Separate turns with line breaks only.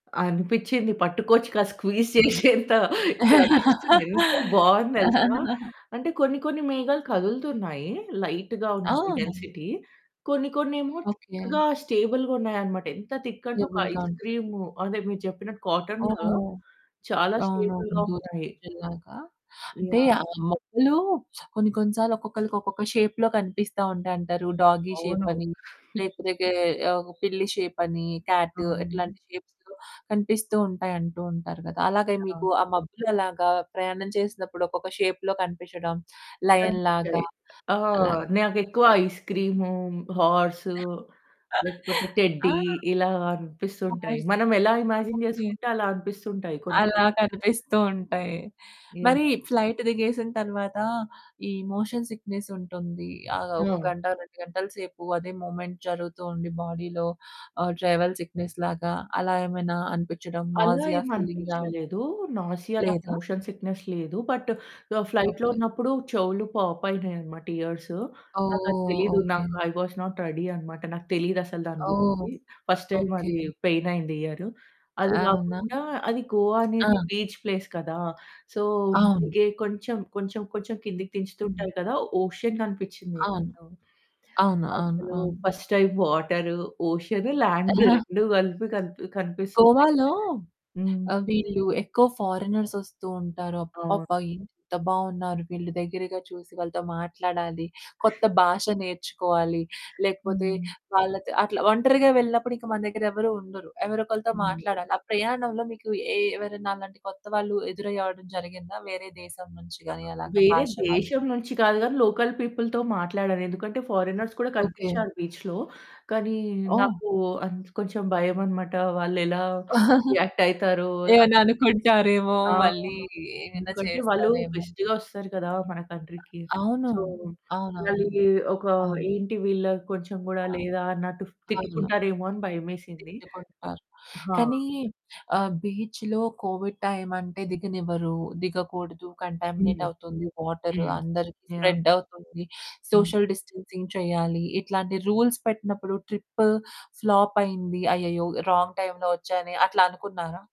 అనిపిచ్చింది. పట్టుకోవచ్చు కదా! స్క్వీజ్
హుహు.
చేసేంత అనిపిస్తుంది. ఎంత బావుంది తెలుసా! అంటే కొన్ని కొన్ని మేఘాలు కదులుతున్నాయి. లైట్‌గా ఉన్నాయి
ఆ!
డెన్సిటీ. కొన్ని కొన్నేమో
ఓకె.
థిక్‌గా స్టేబుల్‌గా ఉన్నాయనమాట. ఎంత థిక్ అంటే ఒక
స్టేబుల్‌గా.
ఐస్
ఉంటారు.
క్రీమ్ అదే మీరు చెప్పినట్టు కాటను
ఓహ్!
చాలా
అవునవును.
స్టేబుల్‌గా
దూది
ఉన్నాయి.
పింజెల్లగా. అంటే ఆ
యాహ్!
మబ్బలు కొన్ని కొన్ని సార్లు ఒక్కొక్కళ్ళకి ఒక్కొక్క షేప్‌లో కనిపిస్తా ఉంటాయంటారు. డాగీ షేప్
అవును.
అని లేకపోతే పిల్లి షేపని, క్యాట్
అవును.
ఇట్లాంటి షేప్స్‌లొ కనిపిస్తూ ఉంటాయంటూ ఉంటారు కదా! అలాగే
యాహ్!
మీకు ఆ మబ్బులు అలాగా ప్రయాణం చేసినప్పుడు ఒక్కొక్క షేప్‌లో కనిపించడం, లయన్
కనిపించాయి.
లాగా
ఆ!
అలాగా
నాకెక్కువ
కనిపించాయా?
ఐస్ క్రీము, హార్స్ లేకపోతే
ఆ!
టెడ్డీ ఇలా అనిపిస్తుంటాయి.
వాయిస్
మనమెలా ఇమాజిన్
ఓకె.
చేసుకుంటే అలా అనిపిస్తుంటాయి కొన్ని కొన్ని.
అలా కనిపిస్తూ ఉంటాయి. మరి
యాహ్!
ఫ్లైట్ దిగేసిన తరువాత ఈ మోషన్ సిక్‌నెస్ ఉంటుంది. ఆ ఒక
అవును.
గంట, 2 గంటల సేపు అదే మూమెంట్ జరుగుతూ ఉండి, బాడీలో ఆహ్, ట్రావెల్ సిక్‌నెస్ లాగా అలా ఏమైనా అనిపించడం
అలా
నాసియా
ఏమి
ఫీలింగ్ రావడం
అనిపించలేదు. నాసియా నాకు
లేదా?
మోషన్ సిక్‌నెస్ లేదు. బట్ ఫ్లైట్ లో
ఓకె.
ఉన్నప్పుడు చెవులు పాప్ అయినాయనమాట ఇయర్సు. నాకది
ఓహ్!
తెలీదు
ఓకె.
నాకు. ఐ వస్ నాట్ రెడీ అనమాట. నాకు తెలీదు. అసలు దాని
ఓహ్!
గురించి ఫస్ట్ టైమ్
ఓకె.
అది పెయిన్ అయింది. ఇయరు అది
అవునా!
కాకుండా అది గోవా అనేది
ఆ!
బీచ్ ప్లేస్ కదా! సో,
అవును.
అందుకే కొంచెం, కొంచెం, కొంచెం కిందకిదించుతూ
హ్మ్.
ఉంటారు కదా! ఓషన్ కనిపించింది.
అవును. అవును. అవును.
అసలు
అవును.
First time water ocean land 2 కలిపి కనిపి కనిపిస్తున్నాయి.
గోవాలో
హ్మ్.
వీళ్ళు ఎక్కువ ఫారెనర్స్ వస్తూ ఉంటారు.
అవును.
అబ్బబ్బా! ఎంత బావున్నారు? వీళ్ళు దగ్గరగా చూసి వాళ్ళతో మాట్లాడాలి. కొత్త భాష నేర్చుకోవాలి లేకపోతే
హ్మ్.
వాళ్ళతో అట్లా ఒంటరిగా వెళ్ళినప్పుడు ఇంక మన దగ్గర ఎవరు ఉండరు ఎవరో ఒకరితో
హ్మ్.
మాట్లాడాలి. ఆ ప్రయాణంలో మీకు ఎ ఎవరైనా అలాంటి కొత్త వాళ్ళు ఎదురయ్యడం జరిగిందా? వేరే దేశం నుంచి
ఆహ్,
గాని అలాగా
వేరే
భాష వాళ్ళు?
దేశం నుంచి కాదు గాని లోకల్ పీపుల్‌తో మాట్లాడను. ఎందుకంటే ఫారియినర్స్ కూడా
ఓకె.
కనిపించారు. బీచ్‌లో కానీ
ఓహ్!
నాకు కొంచెం భయమన్నమాట. వాళ్ళు ఎలా రియాక్టయితారో!
ఏమైనా అనుకుంటారేమో
ఆ!
మళ్ళీ ఏమైనా
ఎందుకంటే వాళ్ళు
చేస్తారేమో.
గెస్ట్‌గా వస్తారు కదా! మన కంట్రీకి
అవును.
సో,
అవునవును.
వాళ్ళు ఎ ఒక
అవును.
ఏంటి వీళ్ళ కొంచెం కూడా
ఆ!
లేదా అని
అవును.
తిట్టుకుంటారేమో అని భయమేసింది.
తిట్టుకుంటారు
ఆ!
కానీ ఆహ్, బీచ్‌లో కోవిడ్ టైమంటే దిగనివ్వరు, దిగకూడదు. కంటామినేట్
హ్మ్.
అవుతుంది వాటరు,
హ్మ్
అందరికి
యాహ్!
స్ప్రెడ్ అవుతుంది,
హ్మ్.
సోషల్ డిస్టెన్సింగ్ చేయాలి. ఇట్లాంటి రూల్స్ పెట్టినప్పుడు ట్రిప్ ఫ్లాప్ అయింది. అయ్యయ్యో! రాంగ్ టైంలో వచ్చానే అట్లా అనుకున్నారా?